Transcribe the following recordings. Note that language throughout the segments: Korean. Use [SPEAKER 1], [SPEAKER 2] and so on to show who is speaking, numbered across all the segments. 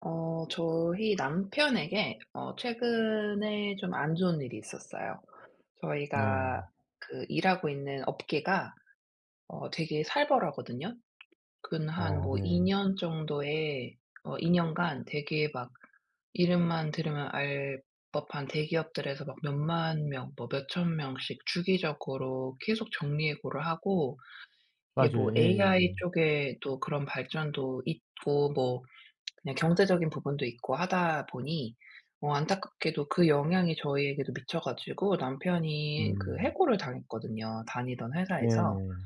[SPEAKER 1] 어 저희 남편에게 어 최근에 좀 안 좋은 일이 있었어요. 저희가
[SPEAKER 2] 네.
[SPEAKER 1] 그 일 하고 있는 업계가 어 되게 살벌하거든요. 근 한
[SPEAKER 2] 아
[SPEAKER 1] 뭐 2
[SPEAKER 2] 네.
[SPEAKER 1] 년 정도에 어 2 년간 되게 막 이름만 들으면 알 법한 대기업들에서 막 몇 10000 명, 뭐 몇 1000 명씩 주기적으로 계속 정리해고를 하고 이게
[SPEAKER 2] 맞아요.
[SPEAKER 1] 뭐
[SPEAKER 2] 예예예.
[SPEAKER 1] AI 쪽에도 그런 발전도 있고 뭐 그냥 경제적인 부분도 있고 하다 보니 뭐 안타깝게도 그 영향이 저희에게도 미쳐 가지고 남편이 그
[SPEAKER 2] 음.
[SPEAKER 1] 해고를 당했거든요, 다니던 회사에서.
[SPEAKER 2] 네네.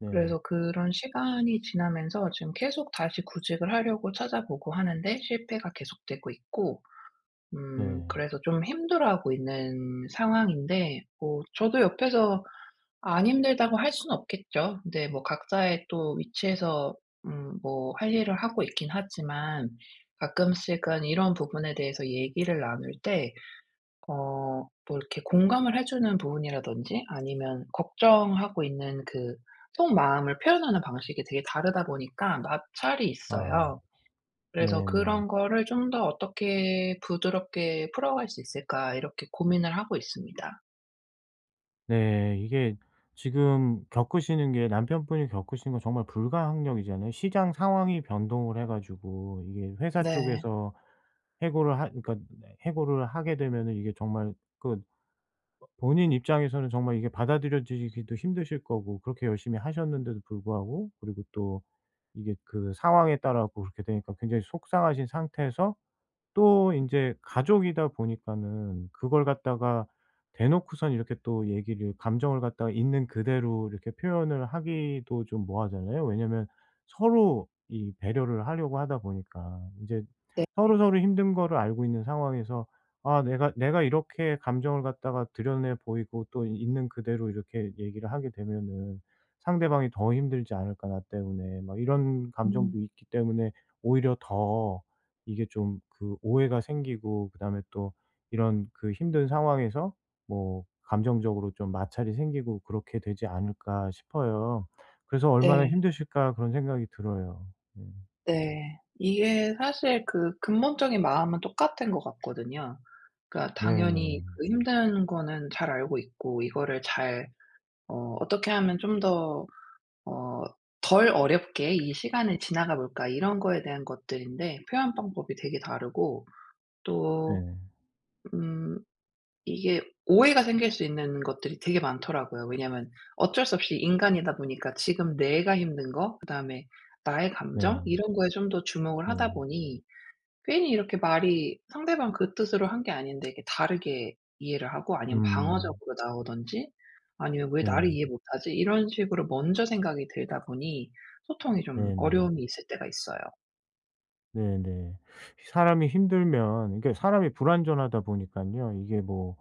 [SPEAKER 2] 네.
[SPEAKER 1] 그래서 그런 시간이 지나면서 지금 계속 다시 구직을 하려고 찾아보고 하는데 실패가 계속되고 있고. 음
[SPEAKER 2] 네.
[SPEAKER 1] 그래서 좀 힘들어하고 있는 상황인데 뭐 저도 옆에서 "안 힘들다."고 할 수는 없겠죠. 근데 뭐 각자의 또 위치에서 음 뭐 할 일을 하고 있긴 하지만 가끔씩은 이런 부분에 대해서 얘기를 나눌 때 어 뭐 이렇게 공감을 해 주는 부분이라든지 아니면 걱정하고 있는 그 속마음을 표현하는 방식이 되게 다르다 보니까 마찰이
[SPEAKER 2] 아.
[SPEAKER 1] 있어요. 그래서
[SPEAKER 2] 네네.
[SPEAKER 1] 그런 거를 '좀 더 어떻게 부드럽게 풀어갈 수 있을까?' 이렇게 고민을 하고 있습니다.
[SPEAKER 2] 네. 이게 지금 겪으시는 게 남편분이 겪으시는 건 정말 불가항력이잖아요. 시장 상황이 변동을 해 가지고 이게 회사
[SPEAKER 1] 네.
[SPEAKER 2] 쪽에서 해고를 하 그러니까 해고를 하게 되면은 이게 정말 그 본인 입장에서는 정말 이게 받아들여지기도 힘드실 거고 그렇게 열심히 하셨는데도 불구하고 그리고 또 이게 그 상황에 따라 갖고 그렇게 되니까 굉장히 속상하신 상태에서 또 인제 가족이다 보니까는 그걸 갖다가 대놓고선 이렇게 또 얘기를 감정을 갖다가 있는 그대로 이렇게 표현을 하기도 좀 뭐하잖아요. 왜냐하면 서로 이 배려를 하려고 하다 보니까 이제
[SPEAKER 1] 네.
[SPEAKER 2] 서로서로 힘든 거를 알고 있는 상황에서 '아 내가 내가 이렇게 감정을 갖다가 드러내 보이고 또 있는 그대로 이렇게 얘기를 하게 되면은 상대방이 더 힘들지 않을까? 나 때문에?' 뭐 이런 감정도
[SPEAKER 1] 음.
[SPEAKER 2] 있기 때문에 오히려 더 이게 좀 그 오해가 생기고 그다음에 또 이런 그 힘든 상황에서 뭐 감정적으로 좀 마찰이 생기고 그렇게 되지 않을까 싶어요. 그래서 '얼마나
[SPEAKER 1] 네.
[SPEAKER 2] 힘드실까?' 그런 생각이 들어요. 네.
[SPEAKER 1] 네. 이게 사실 그 근본적인 마음은 똑같은 것 같거든요. 그러니까 당연히
[SPEAKER 2] 네네.
[SPEAKER 1] 그 힘든 거는 잘 알고 있고 이거를 잘 어 '어떻게 하면 좀 더 어 덜 어렵게 이 시간을 지나가 볼까?' 이런 거에 대한 것들인데 표현 방법이 되게 다르고, 또
[SPEAKER 2] 네.
[SPEAKER 1] 음 이게 오해가 생길 수 있는 것들이 되게 많더라고요. 왜냐하면 어쩔 수 없이 인간이다 보니까 지금 내가 힘든 거 그다음에 나의 감정
[SPEAKER 2] 네.
[SPEAKER 1] 이런 거에 좀 더 주목을 하다
[SPEAKER 2] 네.
[SPEAKER 1] 보니 괜히 이렇게 말이 상대방 그 뜻으로 한 게 아닌데 이렇게 다르게 이해를 하고 아니면
[SPEAKER 2] 음.
[SPEAKER 1] 방어적으로 나오든지 아니면 '왜 나를
[SPEAKER 2] 네.
[SPEAKER 1] 이해 못 하지?' 이런 식으로 먼저 생각이 들다 보니 소통이 좀
[SPEAKER 2] 네네.
[SPEAKER 1] 어려움이 있을 때가 있어요.
[SPEAKER 2] 네네. 사람이 힘들면 이게 사람이 불완전하다 보니깐요, 이게 뭐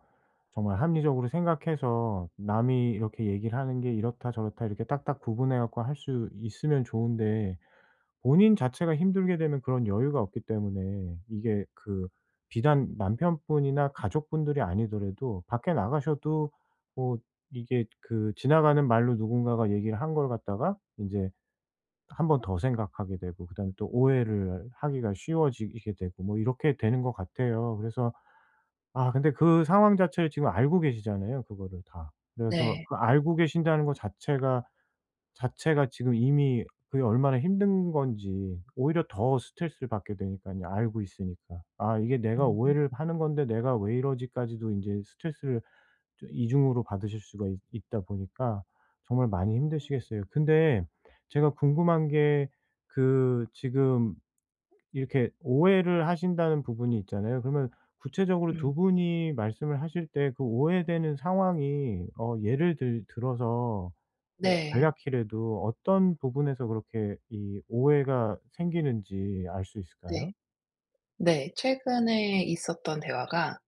[SPEAKER 2] 정말 합리적으로 생각해서 남이 이렇게 얘기를 하는 게 이렇다 저렇다 이렇게 딱딱 구분해 갖고 할 수 있으면 좋은데 본인 자체가 힘들게 되면 그런 여유가 없기 때문에 이게 그 비단 남편분이나 가족분들이 아니더라도 밖에 나가셔도 뭐 이게 그 지나가는 말로 누군가가 얘기를 한 걸 갖다가 인제 1 번 더 생각하게 되고 그다음에 또 오해를 하기가 쉬워지게 되고 뭐 이렇게 되는 것 같아요. 그래서 아 근데 그 상황 자체를 지금 알고 계시잖아요, 그거를 다. 그래서
[SPEAKER 1] 네.
[SPEAKER 2] 그 알고 계신다는 거 자체가, 자체가 지금 이미 그게 얼마나 힘든 건지 오히려 더 스트레스를 받게 되니까요, 알고 있으니까. 아 이게 '내가
[SPEAKER 1] 음.
[SPEAKER 2] 오해를 하는 건데 내가 왜 이러지?'까지도 이제 스트레스를 또 2 중으로 받으실 수가 있 있다 보니까 정말 많이 힘드시겠어요. 근데 제가 궁금한 게 그 지금 이렇게 오해를 하신다는 부분이 있잖아요. 그러면 구체적으로 2
[SPEAKER 1] 음.
[SPEAKER 2] 분이 말씀을 하실 때 그 오해되는 상황이 어 예를 들 들어서 뭐
[SPEAKER 1] 네.
[SPEAKER 2] 간략히라도 어떤 부분에서 그렇게 이 오해가 생기는지 알 수
[SPEAKER 1] 네.
[SPEAKER 2] 있을까요?
[SPEAKER 1] 네. 최근에 있었던 대화가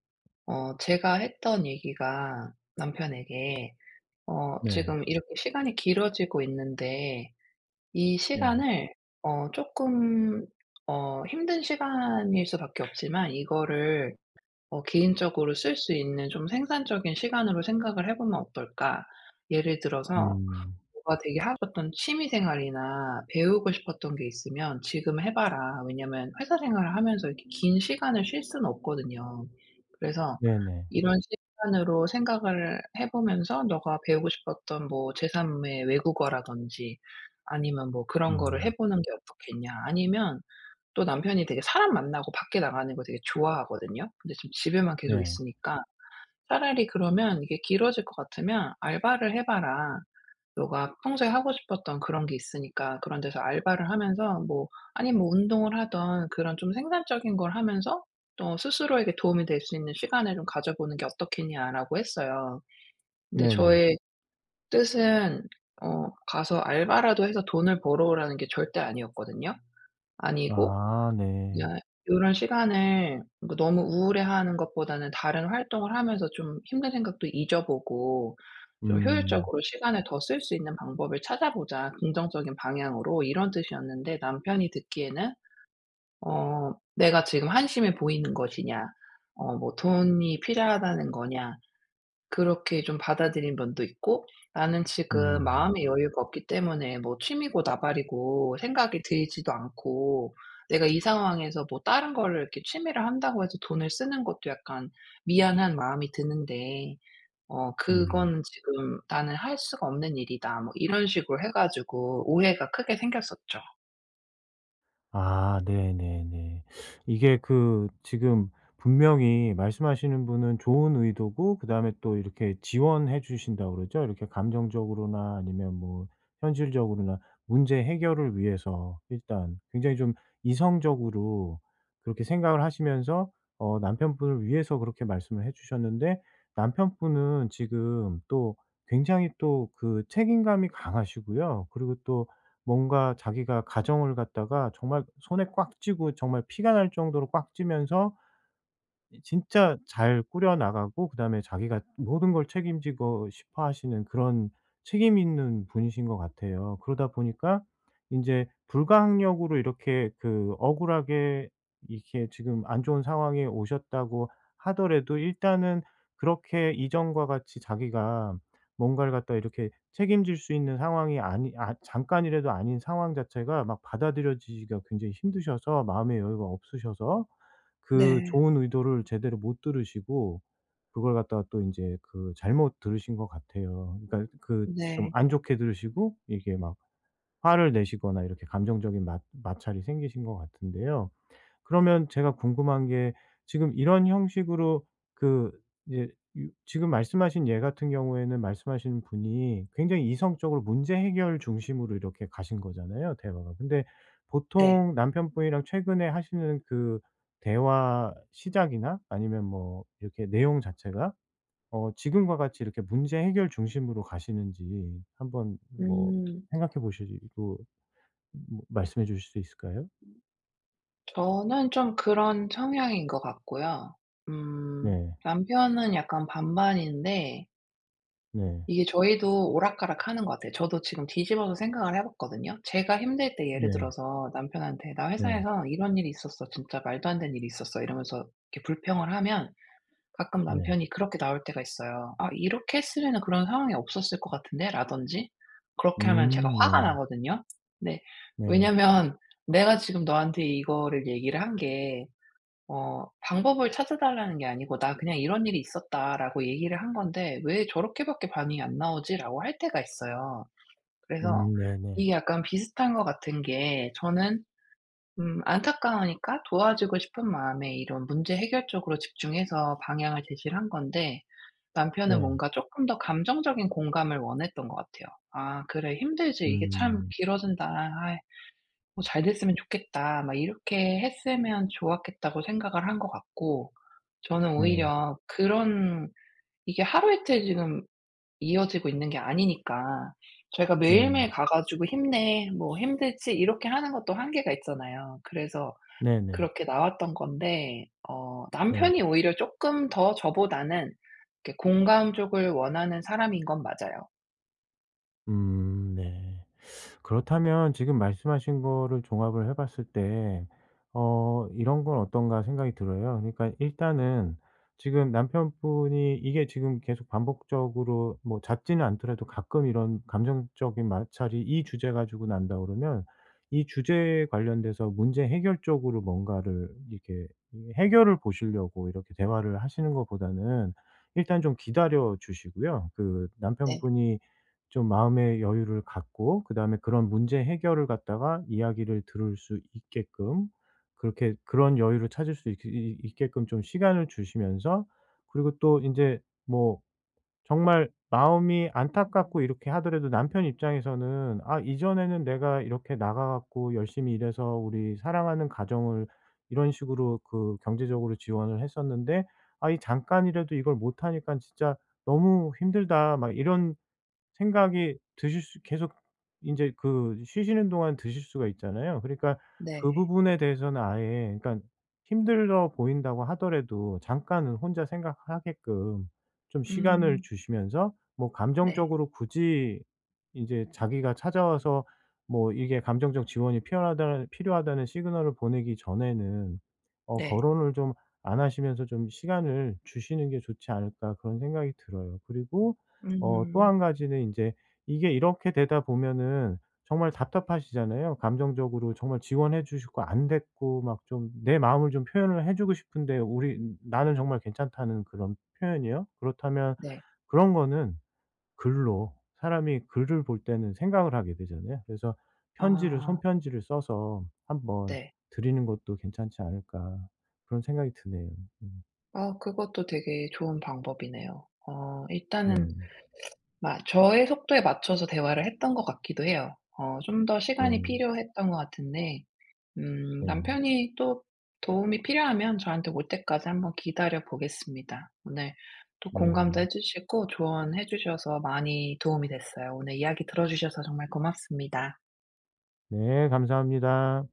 [SPEAKER 1] 어 제가 했던 얘기가, 남편에게 어
[SPEAKER 2] 네.
[SPEAKER 1] "지금 이렇게 시간이 길어지고 있는데 이
[SPEAKER 2] 네.
[SPEAKER 1] 시간을 어 쪼끔 어 힘든 시간일 수밖에 없지만 이거를 어 개인적으로 쓸 수 있는 좀 생산적인 시간으로 생각을 해 보면 어떨까? 예를 들어서
[SPEAKER 2] 음.
[SPEAKER 1] 뭔가 되게 하고 싶었던 취미생활이나 배우고 싶었던 게 있으면 지금 해 봐라." 왜냐하면 회사 생활을 하면서 이렇게 긴 시간을 쉴 수는 없거든요. 그래서
[SPEAKER 2] 네네.
[SPEAKER 1] 이런 시간으로 생각을 해 보면서 "네가 배우고 싶었던 뭐 제 3 의 외국어라든지 아니면 뭐 그런 거를 해
[SPEAKER 2] 음.
[SPEAKER 1] 보는 게 어떻겠냐?" 아니면 또 남편이 되게 사람 만나고 밖에 나가는 걸 되게 좋아하거든요. 근데 지금 집에만 계속
[SPEAKER 2] 네.
[SPEAKER 1] 있으니까 차라리 그러면 "이게 길어질 것 같으면 알바를 해 봐라. 네가 평소에 하고 싶었던 그런 게 있으니까 그런 데서 알바를 하면서 뭐 아님 뭐 운동을 하든 그런 좀 생산적인 걸 하면서 또 스스로에게 도움이 될 수 있는 시간을 좀 가져보는 게 어떻겠냐?"라고 했어요. 근데
[SPEAKER 2] 네네.
[SPEAKER 1] 저의 뜻은 어 "가서 알바라도 해서 돈을 벌어오라."는 게 절대 아니었거든요. 아니고
[SPEAKER 2] 아
[SPEAKER 1] 여
[SPEAKER 2] 네.
[SPEAKER 1] 요런 시간을 뭐 너무 우울해 하는 것보다는 "다른 활동을 하면서 좀 힘든 생각도 잊어보고 좀
[SPEAKER 2] 음.
[SPEAKER 1] 효율적으로 시간을 더 쓸 수 있는 방법을 찾아보자, 긍정적인 방향으로." 이런 뜻이었는데 남편이 듣기에는 어 "내가 지금 한심해 보이는 것이냐? 어 뭐 돈이 필요하다는 거냐?" 그렇게 좀 받아들인 면도 있고 "나는 지금
[SPEAKER 2] 음.
[SPEAKER 1] 마음의 여유가 없기 때문에 뭐 취미고 나발이고 생각이 들지도 않고 내가 이 상황에서 뭐 다른 거를 이렇게 취미를 한다고 해서 돈을 쓰는 것도 약간 미안한 마음이 드는데 어
[SPEAKER 2] 음.
[SPEAKER 1] 그거는 지금 나는 할 수가 없는 일이다." 뭐 이런 식으로 해 가지고 오해가 크게 생겼었죠.
[SPEAKER 2] 아. 네, 네, 네. 이게 그 지금 분명히 말씀하시는 분은 좋은 의도고 그다음에 또 이렇게 지원해 주신다고 그러죠? 이렇게 감정적으로나 아니면 뭐 현실적으로나 문제 해결을 위해서 일단 굉장히 좀 이성적으로 그렇게 생각을 하시면서 어 남편분을 위해서 그렇게 말씀을 해 주셨는데 남편분은 지금 또 굉장히 또 그 책임감이 강하시고요. 그리고 또 뭔가 자기가 가정을 갖다가 정말 손에 꽉 쥐고 정말 피가 날 정도로 꽉 쥐면서 이 진짜 잘 꾸려 나가고 그다음에 자기가 모든 걸 책임지고 싶어 하시는 그런 책임 있는 분이신 것 같아요. 그러다 보니까 인제 불가항력으로 이렇게 그 억울하게 이렇게 지금 안 좋은 상황에 오셨다고 하더라도 일단은 그렇게 이전과 같이 자기가 뭔가를 갖다가 이렇게 책임질 수 있는 상황이 아니 아 잠깐이라도 아닌 상황 자체가 막 받아들여지기가 굉장히 힘드셔서 마음의 여유가 없으셔서 그
[SPEAKER 1] 네.
[SPEAKER 2] 좋은 의도를 제대로 못 들으시고 그걸 갖다가 또 인제 그 잘못 들으신 것 같아요. 그러니까 그 좀
[SPEAKER 1] 네.
[SPEAKER 2] 안 좋게 들으시고 이게 막 화를 내시거나 이렇게 감정적인 맞 마찰이 생기신 것 같은데요.
[SPEAKER 1] 네.
[SPEAKER 2] 그러면 제가 궁금한 게 지금 이런 형식으로 그 이제 유 지금 말씀하신 예 같은 경우에는 말씀하신 분이 굉장히 이성적으로 문제 해결 중심으로 이렇게 가신 거잖아요, 대화가. 근데
[SPEAKER 1] 네.
[SPEAKER 2] 보통 남편분이랑 최근에 하시는 그 대화 시작이나 아니면 뭐 이렇게 내용 자체가 어 지금과 같이 이렇게 문제 해결 중심으로 가시는지 한번 뭐
[SPEAKER 1] 음.
[SPEAKER 2] 생각해 보시고 말씀해 주실 수 있을까요?
[SPEAKER 1] 저는 좀 그런 성향인 것 같고요. 음.
[SPEAKER 2] 네.
[SPEAKER 1] 남편은 약간 반반인데.
[SPEAKER 2] 네.
[SPEAKER 1] 이게 저희도 오락가락하는 것 같아요. 저도 지금 뒤집어서 생각을 해 봤거든요. 제가 힘들 때 예를
[SPEAKER 2] 네.
[SPEAKER 1] 들어서 남편한테 "나
[SPEAKER 2] 네.
[SPEAKER 1] 회사에서 이런 일이 있었어. 진짜 말도 안 되는 일이 있었어." 이러면서 이렇게 불평을 하면 가끔
[SPEAKER 2] 네.
[SPEAKER 1] 남편이 그렇게 나올 때가 있어요. "아. 이렇게 했으면은 그런 상황이 없었을 것 같은데."라든지 그렇게 하면 제가
[SPEAKER 2] 음.
[SPEAKER 1] 화가
[SPEAKER 2] 네.
[SPEAKER 1] 나거든요. 근데
[SPEAKER 2] 네.
[SPEAKER 1] 왜냐하면 '내가 지금 너한테 이거를 얘기를 한 게 어 방법을 찾아 달라는 게 아니고 '나 그냥 이런 일이 있었다.'라고 얘기를 한 건데 왜 저렇게밖에 반응이 안 나오지?'라고 할 때가 있어요. 그래서
[SPEAKER 2] 음. 네네.
[SPEAKER 1] 이게 약간 비슷한 것 같은 게 저는 음 안타까우니까 도와주고 싶은 마음에 이런 문제 해결 쪽으로 집중해서 방향을 제시를 한 건데 남편은
[SPEAKER 2] 네.
[SPEAKER 1] 뭔가 쪼끔 더 감정적인 공감을 원했던 것 같아요. "아. 그래 힘들지. 이게
[SPEAKER 2] 음.
[SPEAKER 1] 참
[SPEAKER 2] 네.
[SPEAKER 1] 길어진다. 아이. 뭐 잘 됐으면 좋겠다." 막 이렇게 했으면 좋았겠다고 생각을 한 것 같고 저는
[SPEAKER 2] 네.
[SPEAKER 1] 오히려 그런 이게 하루이틀 지금 이어지고 있는 게 아니니까 저희가
[SPEAKER 2] 네.
[SPEAKER 1] 매일매일 가 가지고 "힘내, 뭐 힘들지?" 이렇게 하는 것도 한계가 있잖아요. 그래서
[SPEAKER 2] 네네.
[SPEAKER 1] 그렇게 나왔던 건데 어
[SPEAKER 2] 네.
[SPEAKER 1] 남편이 오히려 쪼끔 더 저보다는 이렇게 공감 쪽을 원하는 사람인 건 맞아요.
[SPEAKER 2] 음. 네. 그렇다면 지금 말씀하신 거를 종합을 해 봤을 때 어 이런 건 어떤가 생각이 들어요. 그러니까 일단은 지금 남편분이 이게 지금 계속 반복적으로 뭐 잦지는 않더라도 가끔 이런 감정적인 마찰이 이 주제 가지고 난다 그러면 이 주제에 관련돼서 문제 해결 쪽으로 뭔가를 이렇게 해결을 보시려고 이렇게 대화를 하시는 것보다는 일단 좀 기다려 주시고요. 그
[SPEAKER 1] 네.
[SPEAKER 2] 남편분이 좀 마음의 여유를 갖고 그다음에 그런 문제 해결을 갖다가 이야기를 들을 수 있게끔 그렇게 그런 여유를 찾을 수 있 그 이 있게끔 좀 시간을 주시면서 그리고 또 인제 뭐 정말 마음이 안타깝고 이렇게 하더라도 남편 입장에서는 '아. 이전에는 내가 이렇게 나가 갖고 열심히 일해서 우리 사랑하는 가정을 이런 식으로 그 경제적으로 지원을 했었는데 아 이 잠깐이라도 이걸 못 하니까 진짜 너무 힘들다.' 막 이런 생각이 드실 수 계속 인제 그 쉬시는 동안 드실 수가 있잖아요. 그러니까 그
[SPEAKER 1] 네.
[SPEAKER 2] 부분에 대해서는 아예 그러니까 힘들어 보인다고 하더라도 잠깐은 혼자 생각하게끔 좀 시간을
[SPEAKER 1] 음.
[SPEAKER 2] 주시면서 뭐
[SPEAKER 1] 네.
[SPEAKER 2] 감정적으로 굳이 이제 자기가 찾아와서 뭐 이게 감정적 지원이 필요하다라는 필요하다는 시그널을 보내기 전에는 어
[SPEAKER 1] 네.
[SPEAKER 2] '거론을 좀 안 하시면서 좀 시간을 주시는 게 좋지 않을까.' 그런 생각이 들어요. 그리고 어 또
[SPEAKER 1] 음.
[SPEAKER 2] 1 가지는 인제 이게 이렇게 되다 보면은 정말 답답하시잖아요. 감정적으로 정말 지원해 주고 싶고 안 됐고 막 좀 내 마음을 좀 표현을 해 주고 싶은데 '우리 느 나는 정말 괜찮다.'는 그런 표현이요. 그렇다면
[SPEAKER 1] 네.
[SPEAKER 2] 그런 거는 글로 사람이 글을 볼 때는 생각을 하게 되잖아요. 그래서 '편지를, 손
[SPEAKER 1] 아.
[SPEAKER 2] 편지를 써서 한번
[SPEAKER 1] 네.
[SPEAKER 2] 드리는 것도 괜찮지 않을까.' 그런 생각이 드네요. 음.
[SPEAKER 1] 어 그것도 되게 좋은 방법이네요. 어. 일단은
[SPEAKER 2] 네.
[SPEAKER 1] 마 저의 속도에 맞춰서 대화를 했던 것 같기도 해요. 어 좀 더 시간이
[SPEAKER 2] 네.
[SPEAKER 1] 필요했던 것 같은데. 음.
[SPEAKER 2] 네.
[SPEAKER 1] 남편이 또 도움이 필요하면 저한테 올 때까지 한번 기다려 보겠습니다. 오늘 또 공감도
[SPEAKER 2] 네.
[SPEAKER 1] 해 주시고 조언해 주셔서 많이 도움이 됐어요. 오늘 이야기 들어주셔서 정말 고맙습니다.
[SPEAKER 2] 네. 감사합니다.